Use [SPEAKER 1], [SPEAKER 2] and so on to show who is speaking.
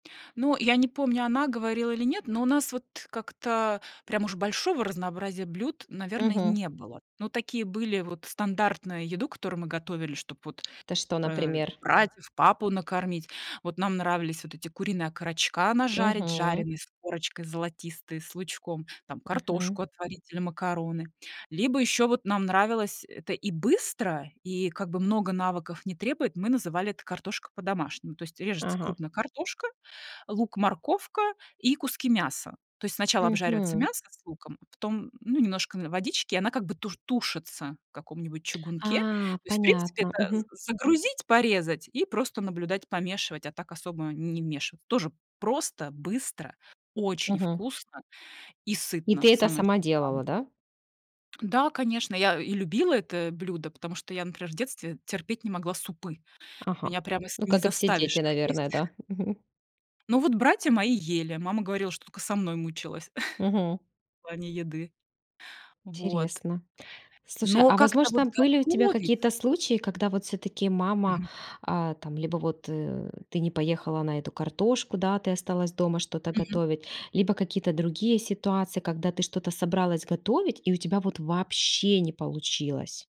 [SPEAKER 1] Ну, я не помню, она говорила или нет, но у нас вот как-то прям уж большого разнообразия блюд, наверное,
[SPEAKER 2] Мгм.
[SPEAKER 1] не было. Ну, такие были вот стандартная еду, которую мы готовили, чтоб вот,
[SPEAKER 2] Это что,
[SPEAKER 1] э,
[SPEAKER 2] например?
[SPEAKER 1] братьев, папу накормить. Вот нам нравились вот эти куриные окорочка нажарить,
[SPEAKER 2] Мгм.
[SPEAKER 1] жареные с корочкой золотистые, с лучком, там
[SPEAKER 2] Мгм.
[SPEAKER 1] картошку отварить или макароны. Либо ещё вот нам нравилось- это и быстро, и как бы много навыков не требует, мы называли это картошка по-домашнему. То есть режется
[SPEAKER 2] Ага.
[SPEAKER 1] крупно картошка, лук, морковка и куски мяса. То есть сначала обжаривается
[SPEAKER 2] Мгм.
[SPEAKER 1] мясо с луком, потом, ну, немножко водички, она как бы туш тушится в каком-нибудь чугунке. То
[SPEAKER 2] А,
[SPEAKER 1] есть, в принципе,
[SPEAKER 2] понятно,
[SPEAKER 1] это
[SPEAKER 2] мгм.
[SPEAKER 1] з загрузить, порезать и просто наблюдать, помешивать, а так особо не вмешиваться. Тоже просто, быстро, очень
[SPEAKER 2] Мгм.
[SPEAKER 1] вкусно и
[SPEAKER 2] И
[SPEAKER 1] сытно,
[SPEAKER 2] ты это
[SPEAKER 1] самое что
[SPEAKER 2] сама
[SPEAKER 1] глав
[SPEAKER 2] делала, да?
[SPEAKER 1] Да, конечно, я и любила это блюдо, потому что я, например, в детстве терпеть не могла супы.
[SPEAKER 2] Ага.
[SPEAKER 1] Меня прямо с
[SPEAKER 2] Ну,
[SPEAKER 1] не
[SPEAKER 2] как и все
[SPEAKER 1] заставишь
[SPEAKER 2] дети,
[SPEAKER 1] их есть.
[SPEAKER 2] наверное, да? Мгм.
[SPEAKER 1] Ну вот братья мои ели. Мама говорила, что тока со мной мучилась
[SPEAKER 2] Мгм.
[SPEAKER 1] в плане еды. Вот.
[SPEAKER 2] Интересно. Слушай,
[SPEAKER 1] Но
[SPEAKER 2] а
[SPEAKER 1] как-то вот
[SPEAKER 2] возможно, были у тебя
[SPEAKER 1] готовить
[SPEAKER 2] какие-то
[SPEAKER 1] и
[SPEAKER 2] случаи, когда вот всё-таки мама,
[SPEAKER 1] Мгм.
[SPEAKER 2] а, там либо вот, э, ты не поехала на эту картошку? Да, ты осталась дома что-то
[SPEAKER 1] Мгм.
[SPEAKER 2] готовить, либо какие-то другие ситуации, когда ты что-то собралась готовить, и у тебя вот вообще не получилось?